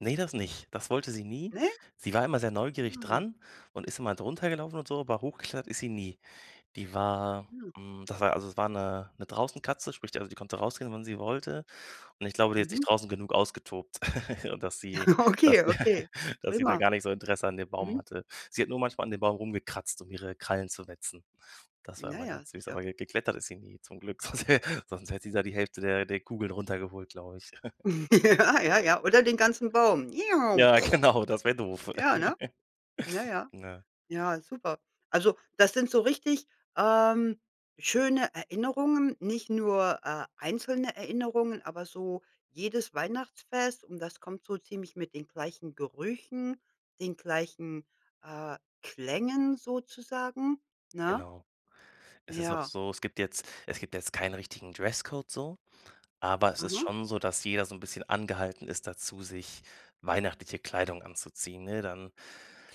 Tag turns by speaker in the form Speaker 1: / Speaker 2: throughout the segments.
Speaker 1: Ne, das nicht. Das wollte sie nie.
Speaker 2: Ne?
Speaker 1: Sie war immer sehr neugierig
Speaker 2: Ah.
Speaker 1: dran und ist immer drunter gelaufen und so, aber hochgeklettert ist sie nie. Die war
Speaker 2: Mhm.
Speaker 1: hm, das war also es war 'ne 'ne draußen-Katze, sprich also die konnte rausgehen, wenn sie wollte. Und ich glaube, die hat sich
Speaker 2: Mhm.
Speaker 1: draußen genug ausgetobt, und dass sie
Speaker 2: Okay, okay,
Speaker 1: dass sie da
Speaker 2: prima.
Speaker 1: gar nicht so Interesse an dem Baum
Speaker 2: Mhm.
Speaker 1: hatte. Sie hat nur manchmal an dem Baum rumgekratzt, um ihre Krallen zu wetzen. Das war
Speaker 2: Na
Speaker 1: immer
Speaker 2: ja,
Speaker 1: ganz süß,
Speaker 2: sicher.
Speaker 1: aber ge geklettert ist sie nie, zum Glück, sonst hä sonst hätte sie da die Hälfte der der Kugeln runtergeholt, glaube ich.
Speaker 2: Ja ja, ja. Oder den ganzen Baum,.
Speaker 1: Ja, genau, das wäre doof.
Speaker 2: Ja, ne? Na ja,
Speaker 1: Ne.
Speaker 2: ja, super. Also das sind so richtig, ähm, schöne Erinnerungen, nicht nur, äh, einzelne Erinnerungen, aber so jedes Weihnachtsfest. Und das kommt so ziemlich mit den gleichen Gerüchen, den gleichen, äh, Klängen sozusagen. Ne?
Speaker 1: Genau. Es ist auch
Speaker 2: Ja.
Speaker 1: so es gibt jetzt es gibt jetzt keinen richtigen Dresscode so. Aber es ist
Speaker 2: Aha.
Speaker 1: schon so, dass jeder so 'n bisschen angehalten ist dazu, sich weihnachtliche Kleidung anzuziehen. Ne, dann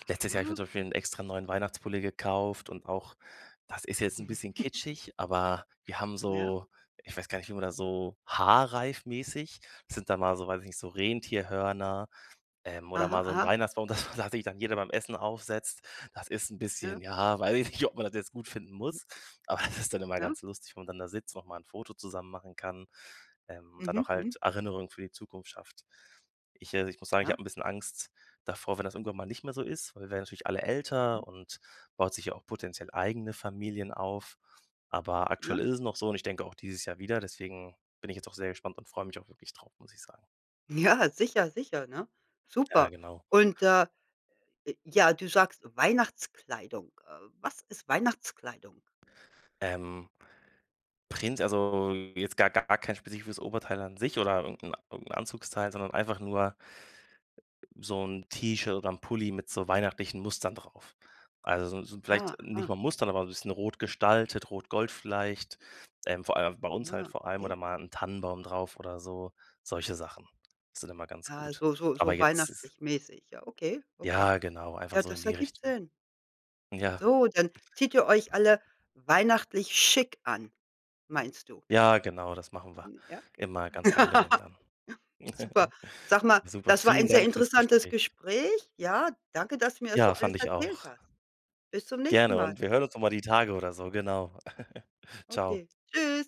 Speaker 1: letztes Jahr habe ich mir
Speaker 2: Aha.
Speaker 1: zum Beispiel 'en extra neuen Weihnachtspulli gekauft und auch das ist jetzt 'n bisschen kitschig, aber wir haben
Speaker 2: Na ja.
Speaker 1: so ich weiß gar nicht, wie man das so haarreifmäßig sind dann mal so- weiß ich nicht- so Rentierhörner, ähm, oder
Speaker 2: Aha,
Speaker 1: mal so 'n
Speaker 2: aha.
Speaker 1: Weihnachtsbaum, das war das sich dann jeder beim Essen aufsetzt. Das ist 'n
Speaker 2: Ja.
Speaker 1: bisschen ja, weiß ich nicht, ob man das jetzt gut finden
Speaker 2: Mhm.
Speaker 1: muss, aber das ist dann immer
Speaker 2: Ja?
Speaker 1: ganz lustig, wenn man dann da sitzt, noch mal 'n Foto zusammen machen kann, ähm, und dann
Speaker 2: Mhm,
Speaker 1: auch
Speaker 2: mhm.
Speaker 1: halt Erinnerungen für die Zukunft schafft. Ich also, ich muss sagen, ich
Speaker 2: Ja.
Speaker 1: habe 'n bisschen Angst davor, wenn das irgendwann mal nicht mehr so ist, weil wir werden natürlich alle
Speaker 2: Mhm.
Speaker 1: älter und baut sich ja auch potenziell eigene Familien auf. Aber
Speaker 2: Ne?
Speaker 1: aktuell ist es noch so und ich denke auch dieses Jahr wieder, deswegen bin ich jetzt auch sehr gespannt und freue mich auch wirklich drauf, muss ich sagen.
Speaker 2: Ja, sicher, sicher, ne?
Speaker 1: Ja,
Speaker 2: Super.
Speaker 1: genau.
Speaker 2: Und, äh, j ja, du sagst Weihnachtskleidung. Äh, was ist Weihnachtskleidung?
Speaker 1: Ähm prinz also jetzt gar gar kein spezifisches Oberteil an sich oder irgend 'n irgend 'n Anzugsteil, sondern einfach nur so 'n T-Shirt oder 'n Pulli mit so weihnachtlichen Mustern drauf. Also so so vielleicht
Speaker 2: Ah,
Speaker 1: nicht
Speaker 2: aha.
Speaker 1: mal Mustern, aber so 'n bisschen rot gestaltet, rot-gold vielleicht, ähm, vor allem bei uns halt
Speaker 2: Na,
Speaker 1: vor allem
Speaker 2: okay.
Speaker 1: oder mal 'n Tannenbaum drauf oder so, solche Sachen. Das ist dann immer ganz
Speaker 2: Ja,
Speaker 1: gut.
Speaker 2: so so
Speaker 1: Aber
Speaker 2: so
Speaker 1: jetzt es
Speaker 2: weihnachtlich-mäßig, ja, okay, okay.
Speaker 1: Ja genau, einfach
Speaker 2: Ja,
Speaker 1: so in
Speaker 2: das
Speaker 1: die
Speaker 2: ergibt
Speaker 1: Richtung.
Speaker 2: Sinn.
Speaker 1: Ja.
Speaker 2: So, dann zieht ihr euch alle weihnachtlich schick an, meinst du?
Speaker 1: Ja genau, das machen wir
Speaker 2: Mhm, ja, okay.
Speaker 1: immer ganz angenehm dann.
Speaker 2: Super. Sag mal,
Speaker 1: Super,
Speaker 2: das war
Speaker 1: vielen
Speaker 2: ein sehr
Speaker 1: Dank für's
Speaker 2: interessantes
Speaker 1: Gespräch.
Speaker 2: Gespräch. Ja, danke, dass du mir das so
Speaker 1: Ja,
Speaker 2: alles
Speaker 1: fand ich
Speaker 2: erzählt
Speaker 1: auch.
Speaker 2: hast. Bis zum nächsten
Speaker 1: Gerne
Speaker 2: Mal.
Speaker 1: und wir hören uns noch mal die Tage oder so, genau. Ciao.
Speaker 2: Okay, tschüss.